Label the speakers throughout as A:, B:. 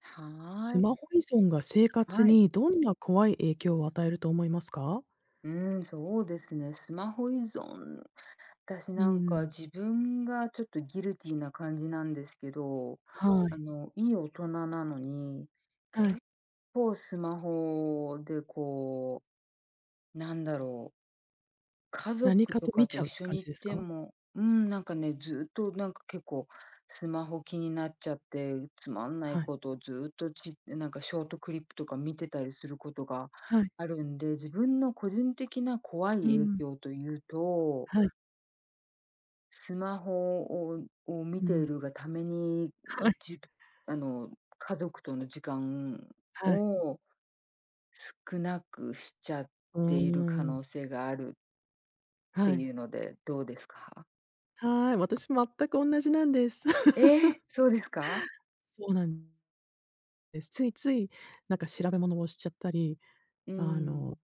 A: は
B: ス
A: い。
B: マホ依存が生活
A: はい。
B: にどんな怖い影響を与えると思いますか？
A: うん、そうですね、スマホ依存。私
B: うー
A: なんか
B: ん。
A: 自分がちょっとギルティな感じなんですけど、
B: は
A: あ
B: い。
A: のいい大人なのに
B: はい。
A: 結構こうスマホでこう、なんだろう。家
B: 何
A: 族
B: か
A: と
B: と見
A: か
B: ち
A: と
B: ゃ
A: 一
B: うって
A: 緒
B: 感
A: に
B: じ
A: い
B: です
A: て
B: か？
A: もうん、なんかね、ずっと何か結構、スマホ気になっちゃって、つまんない
B: はい。
A: ことずっとちえ、なんかショートクリップとか見てたりすることが
B: はい。
A: あるんで、自分の個人的な怖い
B: う
A: 影
B: ん。
A: 響というと
B: はい。
A: スマホをを見
B: う
A: てい
B: ん。
A: るがために、
B: はい。
A: じあの、家族との時間
B: はい。
A: を、少なくしちゃっ
B: うー
A: ている可
B: ん。
A: 能性があるって
B: はい。
A: いうので、どうですか？
B: はい、私全く同じなんです。
A: え、そうですか？
B: そうなんで、ついつい何か調べ物をしちゃったり、
A: う
B: あの、
A: ん。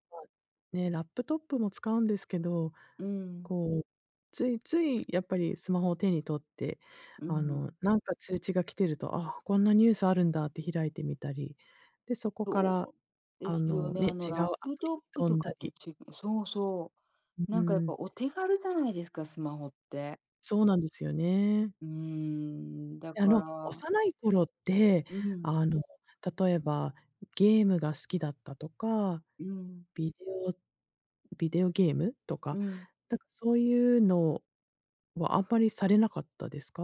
B: ま、ね、ラップトップも使うんですけど、
A: うん。
B: こう、ついついやっぱりスマホを手に取って、
A: う
B: あの
A: ん。
B: 何か通知が来てると、「あ、こんなニュースあるんだ」って開いてみたり、で、そこから、
A: そうで
B: あ
A: すよ
B: の
A: ね、
B: ね、
A: あの
B: 違う
A: ラ
B: ア
A: ップ
B: プリ
A: ト
B: に
A: ップ
B: 飛
A: と
B: んだ
A: かと
B: り。
A: ちぐそうそ
B: う
A: う、
B: う
A: なんかやっぱ
B: ん。
A: お手軽じゃないですか、スマホって。
B: そうなんですよね。
A: うーん、だ
B: あ
A: か
B: の、
A: ら
B: 幼い頃って、
A: うん。
B: あの例えば、ゲームが好きだったとか、
A: うん。
B: ビデオビデオゲームと
A: う
B: か、
A: ん。
B: なんかそういうのはあんまりされなかったですか？